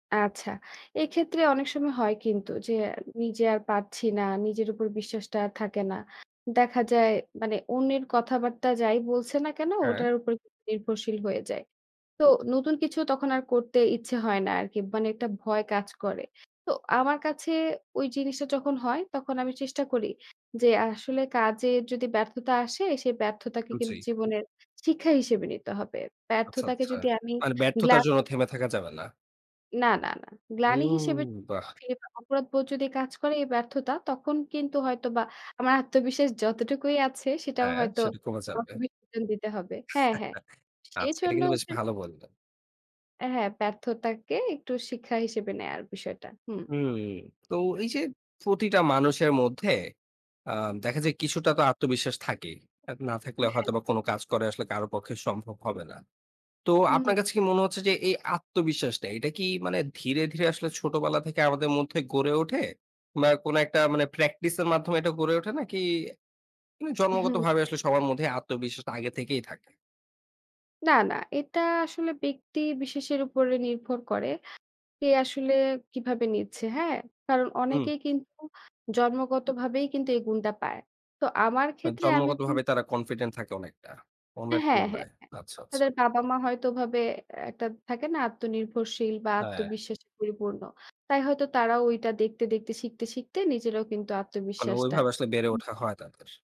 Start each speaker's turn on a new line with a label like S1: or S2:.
S1: আচ্ছা। এক্ষেত্রে অনেক সময় হয় কিন্তু যে আ নিজে আর পারছি না। নিজের উপর বিশ্বাসটা আর থাকে না। দেখা যায় মানে অন্যের কথাবার্তা যাই বলছে না কেন
S2: হ্যাঁ।
S1: ওটার উপর নির্ভরশীল হয়ে যায়। তো নতুন কিছু তখন আর করতে ইচ্ছে হয় না আরকি। মানে একটা ভয় কাজ করে। তো আমার কাছে ঐ জিনিসটা যখন হয় তখন আমি চেষ্টা করি যে আসলে কাজের যদি ব্যর্থতা আসে সে ব্যর্থতাকে কিন্তু
S2: জি।
S1: জীবনের শিক্ষা হিসেবে নিতে হবে।
S2: আচ্ছা।
S1: ব্যর্থতাকে
S2: আচ্ছা।
S1: যদি আমি
S2: মানে
S1: গ্লা
S2: ব্যর্থতার জন্য থেমে থাকা যাবে না।
S1: না, না, না। গ্লানি
S2: হুম।
S1: হিসেবে [unintelligible]
S2: বাহ!
S1: কি অপরাধবোধ যদি কাজ করে এই ব্যর্থতা, তখন কিন্তু হয়তোবা আমার আত্মবিশ্বাস যতটুকুই আছে সেটাও
S2: হ্যাঁ,
S1: হয়তো
S2: সেটা কমে চাপবে।
S1: আমাকে বিসর্জন দিতে হবে। হ্যাঁ, হ্যাঁ।
S2: আচ্ছা। এটা
S1: সেজন্য
S2: কিন্তু বেশ
S1: হচ্ছে
S2: ভালো বললেন।
S1: আ হ্যাঁ। ব্যার্থতাকে একটু শিক্ষা হিসেবে নেয়ার বিষয়টা। হুম।
S2: হুম। তো এইযে প্রতিটা মানুষের মধ্যে অ্যা দেখা যায় কিছুটা তো আত্মবিশ্বাস থাকেই। আর না
S1: অ
S2: থাকলে
S1: হ্যাঁ,
S2: হয়তোবা
S1: হ্যাঁ।
S2: কোন কাজ করাই আসলে কারো পক্ষে সম্ভব হবে না। তো
S1: হুম।
S2: আপনার কাছে কি মনে হচ্ছে যে এই আত্মবিশ্বাসটা এটা কি মানে ধীরে, ধীরে আসলে ছোটবেলা থেকে আমাদের মধ্যে গড়ে ওঠে বা কোন একটা মানে practice এর মাধ্যমে এটা গড়ে ওঠে? নাকি নে
S1: হুম।
S2: জন্মগতভাবে আসলে সবার মধ্যে আত্মবিশ্বাসটা আগে থেকেই থাকে?
S1: না, না। এটা আসলে ব্যক্তি বিশেষের উপরে নির্ভর করে। কে আসলে কিভাবে নিচ্ছে, হ্যাঁ? কারণ
S2: হুম।
S1: অনেকেই কিন্তু জন্মগতভাবেই কিন্তু এই গুণটা পায়। তো আমার
S2: আ
S1: ক্ষেত্রে আমি বল
S2: জন্মগতভাবে তারা confident থাকে অনেকটা অন্যের
S1: হ্যাঁ। হ্যাঁ, হ্যাঁ।
S2: তুলনায়। আচ্ছা, আচ্ছা।
S1: তাদের বাবা-মা হয়তো ওভাবে অ্যা একটা থাকে না, আত্মনির্ভরশীল বা
S2: হ্যাঁ।
S1: আত্মবিশ্বাসে পরিপূর্ণ। তাই হয়তো তারাও ঐটা দেখতে, দেখতে শিখতে, শিখতে নিজেরাও কিন্তু
S2: মানে
S1: আত্মবিশ্বাসটা
S2: ঐভাবে আসলে বেড়ে ওঠা
S1: হুম।
S2: হয় তাদের।